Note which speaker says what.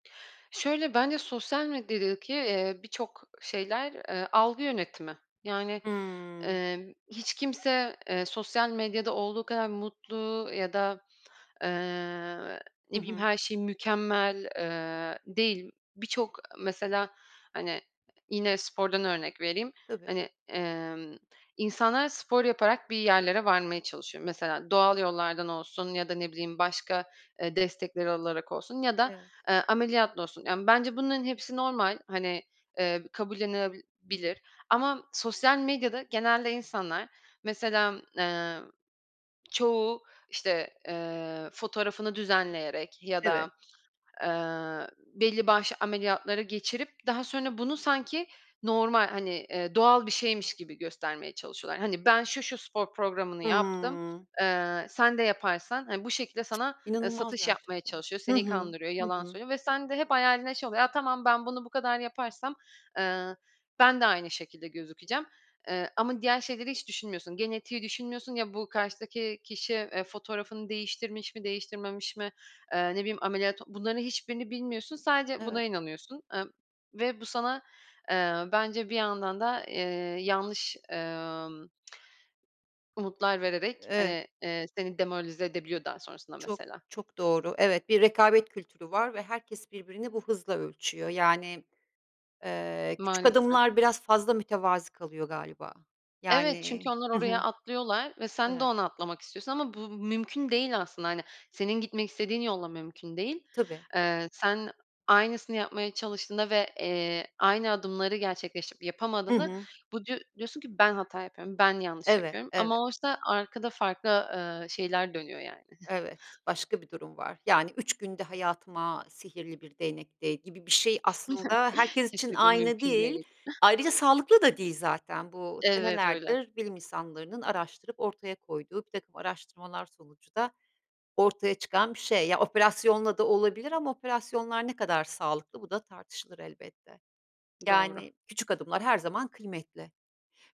Speaker 1: Şöyle: Bence sosyal medyadaki, eee, birçok şeyler, ııı, algı yönetimi. Yani,
Speaker 2: Hımm.
Speaker 1: ımm, hiç kimse, eee, sosyal medyada olduğu kadar mutlu ya da, eee, ne
Speaker 2: Hı
Speaker 1: bileyim,
Speaker 2: hı.
Speaker 1: her şey mükemmel, eee, değil. Birçok mesela, hani, yine spordan örnek vereyim,
Speaker 2: Tabii.
Speaker 1: hani, emm, insanlar spor yaparak bir yerlere varmaya çalışıyor. Mesela doğal yollardan olsun ya da ne bileyim başka, eee, destekleri olarak olsun ya da,
Speaker 2: Evet.
Speaker 1: eee, ameliyatla olsun. Yani, bence bunların hepsi normal, hani, eee, kabullenilebilir ama sosyal medyada genelde insanlar, mesela, eee, çoğu işte, eee, fotoğrafını düzenleyerek ya
Speaker 2: Evet.
Speaker 1: da, eee, belli başlı ameliyatları geçirip daha sonra bunu sanki normal, hani, eee, doğal bir şeymiş gibi göstermeye çalışıyorlar. Hani, ben şu, şu spor programını yaptım,
Speaker 2: Hıı.
Speaker 1: eee, sen de yaparsan hani, bu şekilde sana, ııı,
Speaker 2: İnanılmaz
Speaker 1: satış yapmaya
Speaker 2: gerçekten.
Speaker 1: çalışıyor,
Speaker 2: Hı
Speaker 1: seni
Speaker 2: hı.
Speaker 1: kandırıyor,
Speaker 2: Hı
Speaker 1: yalan
Speaker 2: hı.
Speaker 1: söylüyor ve sen de hep hayalinde şey oluyor: Ya, tamam, ben bunu bu kadar yaparsam, ııı, ben de aynı şekilde gözükeceğim, eee, ama diğer şeyleri hiç düşünmüyorsun, genetiği düşünmüyorsun. Ya, bu karşıdaki kişi, eee, fotoğrafını değiştirmiş mi, değiştirmemiş mi, eee, ne bileyim, ameliyat. Bunların hiçbirini bilmiyorsun, sadece buna
Speaker 2: Evet.
Speaker 1: inanıyorsun, ımm, ve bu sana, eee, bence bir yandan da, eee, yanlış, emm umutlar vererek,
Speaker 2: Evet.
Speaker 1: hani, eee, seni demoralize edebiliyor daha sonrasında
Speaker 2: Çok,
Speaker 1: mesela.
Speaker 2: çok doğru. Evet, bir rekabet kültürü var ve herkes birbirini bu hızla ölçüyor. Yani, eee, küçük
Speaker 1: Maalesef.
Speaker 2: adımlar biraz fazla mütevazı kalıyor galiba.
Speaker 1: Evet, çünkü
Speaker 2: Yani
Speaker 1: onlar
Speaker 2: Hı hı,
Speaker 1: oraya atlıyorlar ve sen de
Speaker 2: evet.
Speaker 1: ona atlamak istiyorsun ama bu mümkün değil aslında. Hani, senin gitmek istediğin yolla mümkün değil.
Speaker 2: Tabii.
Speaker 1: Eee, sen aynısını yapmaya çalıştığında ve, eee, aynı adımları gerçekleştirip
Speaker 2: Hı
Speaker 1: yapamadığında,
Speaker 2: hı.
Speaker 1: bu diyo diyorsun ki, "Ben hata yapıyorum, ben yanlış
Speaker 2: Eve,
Speaker 1: yapıyorum."
Speaker 2: eve.
Speaker 1: ama oysa arkada farklı, ııı, şeyler dönüyor, yani.
Speaker 2: Evet, başka bir durum var. Yani, 3 günde hayatıma sihirli bir değnek değ gibi bir şey aslında herkes için
Speaker 1: Kesinlikle,
Speaker 2: aynı
Speaker 1: mümkün değil.
Speaker 2: değil. Ayrıca sağlıklı da değil zaten bu
Speaker 1: Evet, öyle.
Speaker 2: senelerdir bilim insanlarının araştırıp ortaya koyduğu birtakım araştırmalar sonucu da ortaya çıkan bir şey. Ya, operasyonla da olabilir ama operasyonlar ne kadar sağlıklı bu da tartışılır, elbette.
Speaker 1: Doğru.
Speaker 2: Yani, küçük adımlar her zaman kıymetli.